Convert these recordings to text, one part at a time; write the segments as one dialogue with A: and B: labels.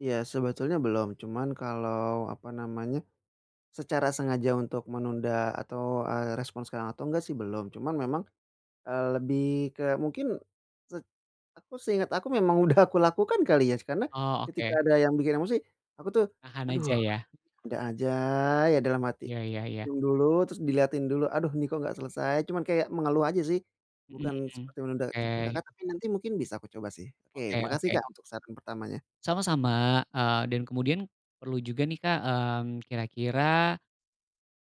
A: Iya sebetulnya belum, cuman kalau apa namanya, secara sengaja untuk menunda atau, eee, respons sekarang atau enggak sih belum. Cuman memang, eee, lebih ke mungkin, set aku seinget aku memang udah aku lakukan kali ya, karena,
B: Oh
A: ketika
B: oke.
A: ada yang bikin emosi aku tuh,
B: Tahan
A: "Aduh,
B: aja ya.
A: ada aja ya" dalam hati,
B: Iya iya iya.
A: diam dulu, terus diliatin dulu, "aduh ini kok nggak selesai?" Cuman kayak mengeluh aja sih,
B: Mhm,
A: bukan
B: mhm,
A: seperti menunda seperti
B: oke.
A: Kakak tapi nanti mungkin bisa aku coba sih, oke
B: Oke
A: makasih
B: oke.
A: Kak untuk saran pertamanya.
B: Sama-sama, eee, dan kemudian, perlu juga nih Kak, mmm, kira-kira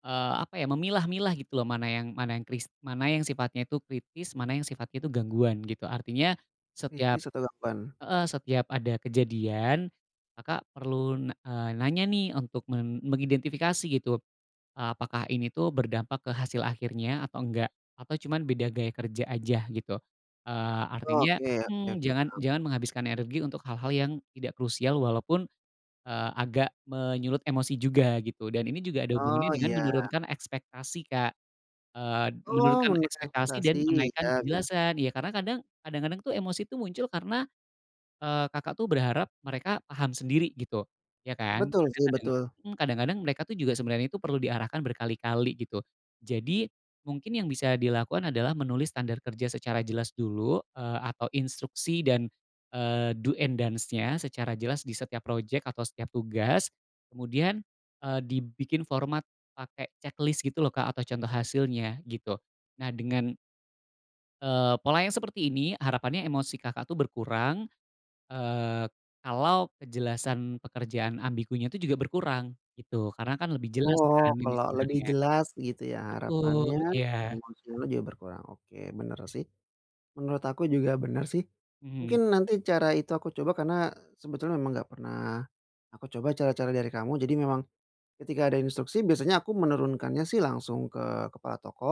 B: eee, apa ya, memilah-milah gitu loh mana yang mana yang kris mana yang sifatnya itu kritis, mana yang sifat itu gangguan gitu. Artinya, setiap
A: Kritis atau gangguan.
B: heeh, setiap ada kejadian, maka perlu na eee, nanya nih untuk men mengidentifikasi gitu, eee, apakah ini tuh berdampak ke hasil akhirnya atau enggak, atau cuman beda gaya kerja aja gitu. Eee, artinya
A: Oke oke
B: mhm,
A: oke,
B: jangan
A: paham.
B: jangan menghabiskan energi untuk hal-hal yang tidak krusial walaupun, eee, agak menyulut emosi juga gitu dan ini juga ada hubungannya
A: Oh
B: dengan
A: iya.
B: menurunkan ekspektasi Kak, eee,
A: Oh!
B: menurunkan
A: Menurunkan
B: ekspektasi
A: ekspektasi.
B: dan menaikkan
A: Iya iya.
B: kejelasan. Ya karena kadang, kadang-kadang tuh, emosi tuh muncul karena, eee, Kakak tuh berharap mereka paham sendiri gitu, ya kan?
A: Betul
B: Kadang
A: sih,
B: karena
A: betul.
B: mmm, kadang-kadang mereka tuh juga sebenernya perlu diarahkan berkali-kali gitu. Jadi mungkin yang bisa dilakukan adalah menulis standar kerja secara jelas dulu, eee, atau instruksi dan, eee, do and don'ts-nya secara jelas di setiap project atau setiap tugas. Kemudian, eee, dibikin format pake checklist gitu loh Kak atau contoh hasilnya gitu. Nah dengan eee, pola yang seperti ini harapannya emosi Kakak tuh berkurang, eee, kalau kejelasan pekerjaan ambigunya itu juga berkurang gitu, karena kan lebih jelas kan
A: Oh,
B: ini
A: kalau lebih
B: sebenernya.
A: jelas gitu ya
B: Betul
A: harapannya
B: iya.
A: emosinya juga berkurang. Oke bener sih, menurut aku juga bener sih.
B: Mhm.
A: Mungkin nanti cara itu aku coba karena sebetulnya memang nggak pernah aku coba cara-cara dari kamu, jadi memang, ketika ada instruksi biasanya aku menurunkannya sih langsung ke kepala toko,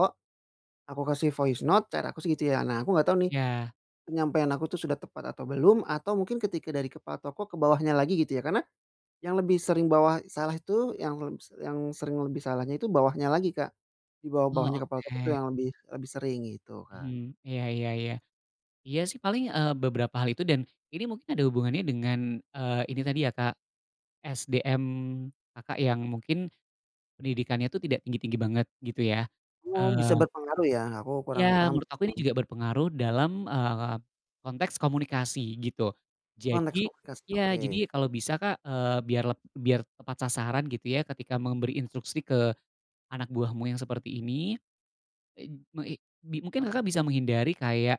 A: aku kasih voice note, cara aku sih gitu ya. Nah aku nggak tahu nih,
B: Ya.
A: penyampaian aku tuh sudah tepat atau belum, atau mungkin ketika dari kepala toko ke bawahnya lagi gitu ya, karena, yang lebih sering bawah salah itu, yang leb yang sering lebih salahnya itu bawahnya lagi Kak. Di
B: Oh
A: bawah-bawahnya kepala toko itu
B: oke.
A: yang lebih lebih sering, gitu Kak.
B: Mhm, iya iya iya. Iya sih paling, eee, beberapa hal itu dan ini mungkin ada hubungannya dengan, eee, ini tadi ya Kak, SDM Kakak yang mungkin, pendidikannya itu tidak tinggi-tinggi banget gitu ya,
A: Hmm, bisa
B: eee
A: berpengaruh ya, aku kurang
B: Ya
A: paham
B: menurut aku ini
A: gitu.
B: juga berpengaruh dalam, eee, konteks komunikasi gitu.
A: Konteks
B: Jadi
A: komunikasi,
B: iya,
A: oke.
B: jadi kalau bisa Kak, eee, biar leb biar tepat sasaran gitu ya ketika memberi instruksi ke anak buahmu yang seperti ini, e meng i bi mungkin Kakak bisa menghindari kayak